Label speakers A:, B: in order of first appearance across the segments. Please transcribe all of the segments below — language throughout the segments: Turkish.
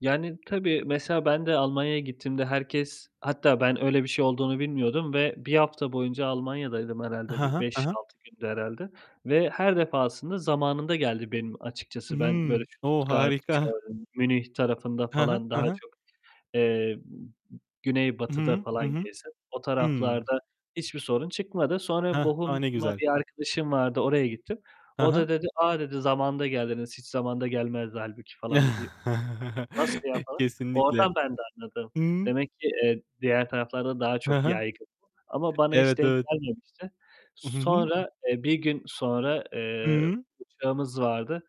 A: Yani, tabii mesela ben de Almanya'ya gittiğimde herkes hatta ben öyle bir şey olduğunu bilmiyordum ve 1 hafta boyunca Almanya'daydım
B: Ha
A: herhâlde bir
B: ha, ha
A: beş
B: ha.
A: altı gündü herhâlde. Ve her defasında zamanında geldi benim açıkçası, ben böyle,
B: Hımm. O!
A: Stuttgart,
B: Harika.
A: Köln, Münih tarafında
B: Ha ha.
A: falan
B: Ha
A: daha
B: ha.
A: çok, eee,
B: Hı
A: güneybatıda
B: hı, hı
A: falan
B: hı.
A: gezdim, o
B: Hı.
A: taraflarda hiçbir sorun çıkmadı. Sonra
B: Hah. A, ne
A: Bochum'a
B: güzel.
A: bir arkadaşım vardı, oraya gittim.
B: Ha
A: O da
B: ha.
A: dedi "A!" dedi. "Zamanında geldiniz, hiç zamanında gelmezdi hâlbuki." falan dedi. "Nasıl ya?" falan.
B: Kesinlikle.
A: Oradan ben de anladım.
B: Hı hı.
A: Demek ki, eee, diğer taraflarda daha
B: Ha
A: çok
B: ha.
A: yaygın. Ama bana hiç
B: Evet,
A: denk
B: evet.
A: gelmemişti.
B: Hı hı.
A: Sonra, eee, 1 gün sonra, eee,
B: Hıı.
A: uçağımız vardı.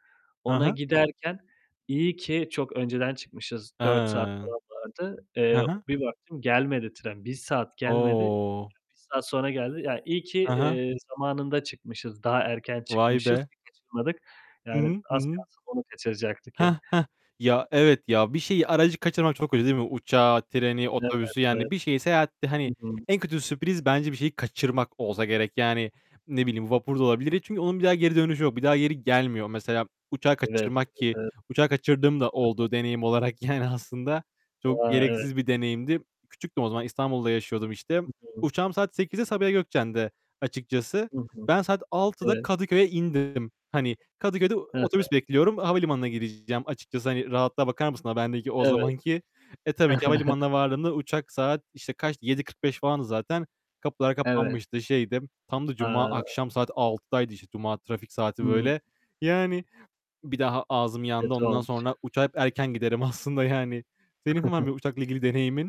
B: Ha
A: Ona
B: ha.
A: giderken, iyi ki çok önceden çıkmışız, 4 saat
B: Hıı.
A: falan vardı.
B: Hı
A: Eee,
B: hı.
A: bir baktım, gelmedi tren, 1 saat gelmedi. Ya,
B: O!
A: 1 saat sonra geldi. Ya, iyi ki,
B: Hı hı.
A: eee, zamanında çıkmışız, daha erken
B: Vay
A: çıkmışız
B: be!
A: ki kaçırmadık.
B: Hı
A: Yani,
B: hı. Hı
A: az
B: hı.
A: kalsın onu kaçıracaktık yani.
B: Heh. Heh. Ya, evet ya. Bir şeyi, aracı kaçırmak çok kötü değil mi? Uçağı, treni,
A: Evet,
B: otobüsü,
A: evet.
B: yani, bir şeyi seyahatte,
A: Hı
B: hani,
A: hı.
B: en kötü sürpriz bence bir şeyi kaçırmak olsa gerek. Yani, ne bileyim, vapur da olabilir. Ni çünkü onun bir daha geri dönüşü yok. Bir daha geri gelmiyor. Mesela, uçağı
A: Evet, evet, evet.
B: kaçırmak ki; uçağı kaçırdığım da
A: Hı hı.
B: oldu, deneyim olarak yani aslında. Çok
A: A! Evet.
B: gereksiz bir deneyimdi. Küçüktüm o zaman, İstanbul'da yaşıyordum işte.
A: Hı hı.
B: Uçağım saat 20.00'de Sabiha Gökçen'de açıkçası.
A: Hı hı.
B: Ben saat 18.00'da
A: Evet.
B: Kadıköy'e indim. Hani, Kadıköy'de
A: Hı hı.
B: otobüs bekliyorum. Havalimanına gideceğim açıkçası. Hani, rahatlığa bakar mısın a bendeki o
A: Evet.
B: zamanki? E, tabii ki havalimanına vardığımda uçak saat işte kaçtı, 19.45 falandı zaten. Kapılar
A: Evet.
B: kapanmıştı, şeydi. Tam da cuma
A: A!
B: akşam saat 18.00'daydı, işte, cuma trafik saati
A: Hıı.
B: böyle. Yani, bir daha ağzım yandı.
A: Kötü
B: Ondan
A: olmuş.
B: sonra uçağa hep erken giderim aslında yani. Senin var mı uçakla ilgili deneyimin?